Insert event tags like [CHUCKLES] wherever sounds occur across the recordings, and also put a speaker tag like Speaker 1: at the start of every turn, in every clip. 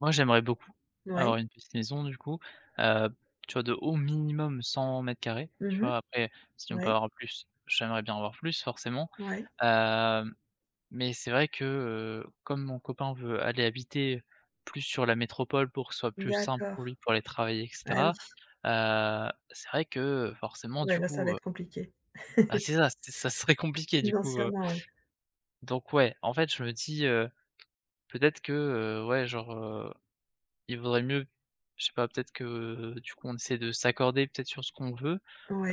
Speaker 1: Moi j'aimerais beaucoup
Speaker 2: Ouais.
Speaker 1: avoir une petite maison du coup, heu, tu vois, de au minimum 100m2, tu
Speaker 2: Mmh
Speaker 1: vois? Après si on peut
Speaker 2: mh.
Speaker 1: avoir plus, j'aimerais bien avoir plus. Forcément,
Speaker 2: Ouais.
Speaker 1: heu, mais c'est vrai que, heu, comme mon copain veut aller habiter plus sur la métropole, pour que ce soit plus simple
Speaker 2: D'accord,
Speaker 1: pour lui, pour aller travailler et
Speaker 2: ah
Speaker 1: cetera,
Speaker 2: oui.
Speaker 1: heu, c'est vrai que, heu, forcément
Speaker 2: Ouais
Speaker 1: du
Speaker 2: là ça va
Speaker 1: coup, heu
Speaker 2: être compliqué.
Speaker 1: Ah
Speaker 2: [CHUCKLES]
Speaker 1: c'est ça, ce ça serait compliqué du coup, heu
Speaker 2: Financièrement oui.
Speaker 1: Donc ouais, en fait je me dis, heu, peut-être que, heu, ouais genre, heu, il vaudrait mieux, je sais pas peut-être que, heu, du coup on essaie de s'accorder, peut-être sur ce qu'on veut!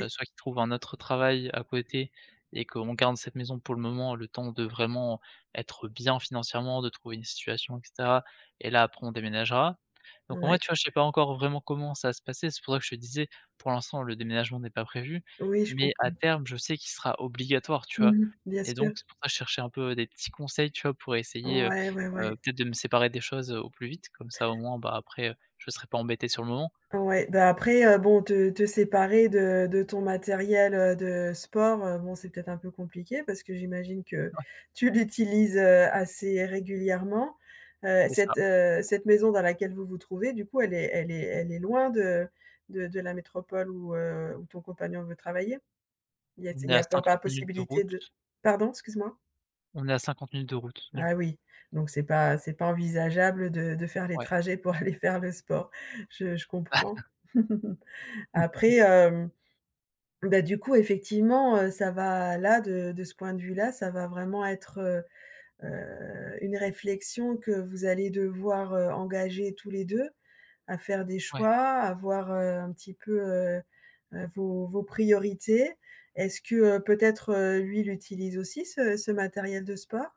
Speaker 1: Heu, soit qu'ils trouvent un autre travail à côté et qu'on garde cette maison pour le moment, le temps de vraiment être bien financièrement, de trouver une situation et caetera, et là après on déménagera. Donc moi,
Speaker 2: Ouais.
Speaker 1: tu vois? Je sais pas encore, vraiment comment ça va se passer, c'est pour ça que je te disais, pour l'instant le déménagement n'est pas prévu.
Speaker 2: Oui, je
Speaker 1: Mais à
Speaker 2: comprends.
Speaker 1: terme je sais qu'il sera obligatoire tu vois?
Speaker 2: Mmh mh. Bien
Speaker 1: Et
Speaker 2: sûr.
Speaker 1: donc c'est pour ça je cherchais un peu des petits conseils, tu vois? Pour essayer, heu
Speaker 2: Ouais, ouais,
Speaker 1: heu,
Speaker 2: ouais.
Speaker 1: peut-être de me séparer des choses au plus vite, comme ça au moins bah, après je serai pas embêté, sur le moment.
Speaker 2: Ouais, bah après, heu, bon, te séparer de de ton matériel, heu, de sport, heu, bon, c'est peut-être un peu compliqué. Parce que j'imagine que
Speaker 1: Ouais.
Speaker 2: tu l'utilises, heu, assez régulièrement, heu,
Speaker 1: C'est ça.
Speaker 2: cette, heu cette maison dans laquelle vous vous trouvez, du coup, elle est elle est elle est loin de de de la métropole où, heu, ou ton compagnon veut travailler? Il y a s
Speaker 1: On
Speaker 2: il
Speaker 1: est
Speaker 2: y
Speaker 1: à
Speaker 2: a peu pas
Speaker 1: 50 minutes de
Speaker 2: possibilité
Speaker 1: route.
Speaker 2: de pardon, excuse moi?
Speaker 1: On est à 50 minutes de route du co
Speaker 2: Ah oui, donc c'est pas c'est pas envisageable de de faire les
Speaker 1: Ouais.
Speaker 2: trajets pour [CHUCKLES] aller faire le sport. Je je comprends.
Speaker 1: [CHUCKLES]
Speaker 2: [CHUCKLES]
Speaker 1: [CHUCKLES]
Speaker 2: Après, heu, bah du coup, effectivement, heu, ça va là, de de ce point de vue-là, ça va vraiment être, heu, une réflexion que vous allez devoir, heu, engager tous les 2 à faire des
Speaker 1: Ouais.
Speaker 2: choix, à voir, heu, un petit peu, heu, vos vos priorités. Est-ce que peut-être lui, l'utilise aussi ce ce matériel de sport?